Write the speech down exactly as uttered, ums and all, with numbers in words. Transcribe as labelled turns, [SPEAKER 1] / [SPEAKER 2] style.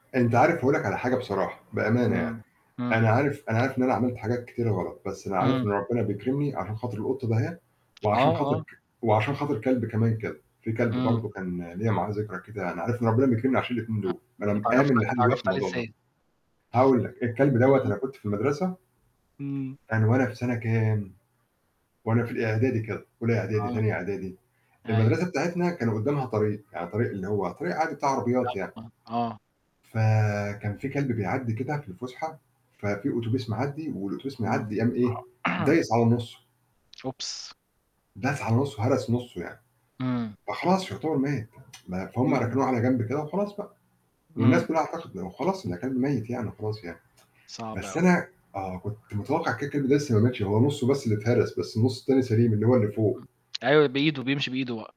[SPEAKER 1] أنت عارف هاقول لك على حاجة بصراحة، بأمانة يعني.
[SPEAKER 2] آه.إمم.
[SPEAKER 1] أنا عارف أنا عارف إن أنا عملت حاجات كتيرة غلط، بس أنا عارف إن
[SPEAKER 2] إمم.
[SPEAKER 1] ربنا بيكرمني عشان خاطر القطة دهيّة، وعشان
[SPEAKER 2] آه،
[SPEAKER 1] خاطر
[SPEAKER 2] آه.
[SPEAKER 1] ك وعشان خاطر كلب كمان كده، في كلب
[SPEAKER 2] إمم.
[SPEAKER 1] برضه كان ليّا معاه ذكرى كده، أنا عارف إن ربنا بيكرمني عشان الاتنين دول، أنا
[SPEAKER 2] اتعرّفت
[SPEAKER 1] مآمن
[SPEAKER 2] ع
[SPEAKER 1] لحد دلوقتي في
[SPEAKER 2] اتعرّفت عليه
[SPEAKER 1] الموضوع ده.
[SPEAKER 2] إزاي؟
[SPEAKER 1] هاقول لك، الكلب دوّة
[SPEAKER 2] إمم.
[SPEAKER 1] أنا كنت في المدرسة
[SPEAKER 2] إمم.
[SPEAKER 1] كان وأنا في سنة كام؟ وأنا في الإعدادي كده، أولى إعدادي،
[SPEAKER 2] آه.
[SPEAKER 1] تانية إعدادي.
[SPEAKER 2] أيوه.
[SPEAKER 1] المدرسة بتاعتنا كان قدامها طريق، يعني طريق اللي هو طريق عادي بتاع عربيات يعني.
[SPEAKER 2] أيوه، آه.
[SPEAKER 1] فكان في كلب بيعدي كده في الفسحة، ففي أوتوبيس معدّي والأوتوبيس
[SPEAKER 2] إمم.
[SPEAKER 1] معدّي قام إيه؟ دايس على نصه.
[SPEAKER 2] أوبس!
[SPEAKER 1] داس على نُصّه، هرس نُصّه يعني.
[SPEAKER 2] إمم.
[SPEAKER 1] فخلاص فيُعتبر مات. ما فهم
[SPEAKER 2] إمم.
[SPEAKER 1] ركنوه على جنب كده وخلاص بقى والناس
[SPEAKER 2] إمم.
[SPEAKER 1] كلها اعتقدت خلاص إن كلب ميّت يعني وخلاص يعني.
[SPEAKER 2] صعب
[SPEAKER 1] بس
[SPEAKER 2] أوي.
[SPEAKER 1] أنا آه كنت متوقع كده، كده إنه لسه ما ماتش، هو نُصّه بس اللي اتهرس، بس النُص التاني سليم اللي هو اللي فوق.
[SPEAKER 2] امم. أيوه بإيده، بيمشي بإيده بقى.